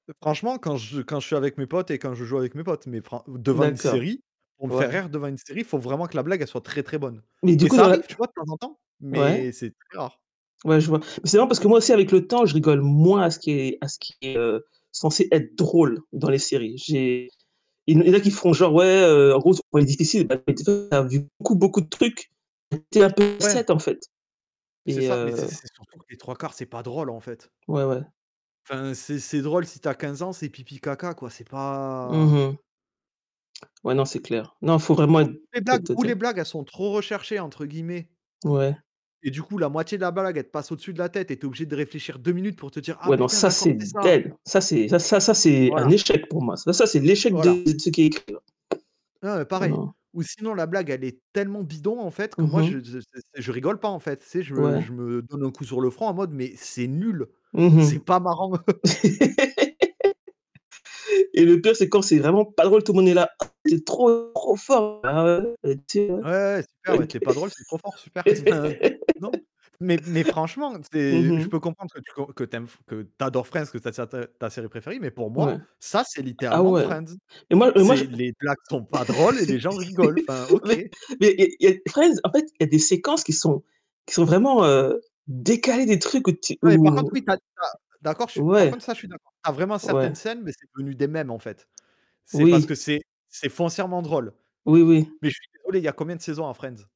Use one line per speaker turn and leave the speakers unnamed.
Franchement quand je quand je suis avec mes potes et quand je joue avec mes potes, mais fr ou devant une
D'accord,
série pour me faire
ouais.
rire, devant une série, il faut vraiment que la blague, elle soit très, très bonne
Mais du
et
coup
ça
dans la
arrive, tu vois, de temps en temps,
ouais.
mais c'est très rare.
Ouais, je vois. Mais c'est vrai, parce que moi aussi avec le temps, je rigole moins à ce qui est à ce qui est, heu, censé être drôle dans les séries. J'ai il y en a qui feront, genre: «Ouais, heu, en gros, c'est on est difficile» [unintelligible] perdu beaucoup, beaucoup de trucs un peu
Ouais.
[unintelligible] en fait
C'est
et
ça, mais c'est
heu
c'est surtout que les 3/4, c'est pas drôle, en fait.
Ouais, ouais.
Enfin, c'est c'est drôle, si tu as 15 ans, c'est pipi, caca quoi, c'est
Mmh
pas
mh. Ouais. Non, c'est clair. Non, il faut vraiment
Alors
être
les blagues ou les
[unintelligible]
blagues elles sont trop, «recherchées», entre guillemets
Ouais.
et du coup, la moitié de la blague, elle te passe au-dessus de la tête et tu es obligé de réfléchir 2 minutes pour te dire: «Ah
Ouais. Non,
putain
ça
d'accord,
c'est
c'est ça».
dead ça c'est ça ça c'est un
Voilà.
échec pour moi, ça ça c'est l'échec
Voilà.
de de ceux qui écrivent.
Heu,
Non,
pareil,
non.
ou sinon la blague elle est tellement bidon, en fait, que
Mmh
moi je
mh.
je je rigole pas, en fait, tu sais, je me
Ouais.
je me donne un coup sur le front en mode: «Mais c'est nul,
Mmh
c'est
mh
pas marrant».
et le pire, c'est quand c'est vraiment pas drôle, tout le monde est là: «C'est trop, trop fort». Ah ouais? [unintelligible] OK.
Ouais, super, ouais tu es pas drôle, c'est trop fort, super. Enfin, non. Mais mais franchement,
Mmh
c'est je
mh.
peux comprendre que tu que tu aimes f que tu adores Friends que ça t ta série préférée, mais pour
Ouais.
moi, ça c'est
Ah
littéralement
ouais
Friends.
et moi et moi je
C'est les blagues sont pas drôles et les gens rigolent enfin, OK.
mais mais et et 13 en fait, il y a des séquences qui sont qui sont vraiment, heu, décalées des trucs où tu
Ah mais par contre
où
oui, tu as tu as d'accord, par
Ouais.
contre ça, je suis d'accord, tu as vraiment certaines
Ouais.
scènes, mais c'est devenu des memes en fait. C'est parce
Oui.
que c'est c'est foncièrement drôle.
Oui, oui.
Mais je suis désolé, il y a combien de saisons à Friends?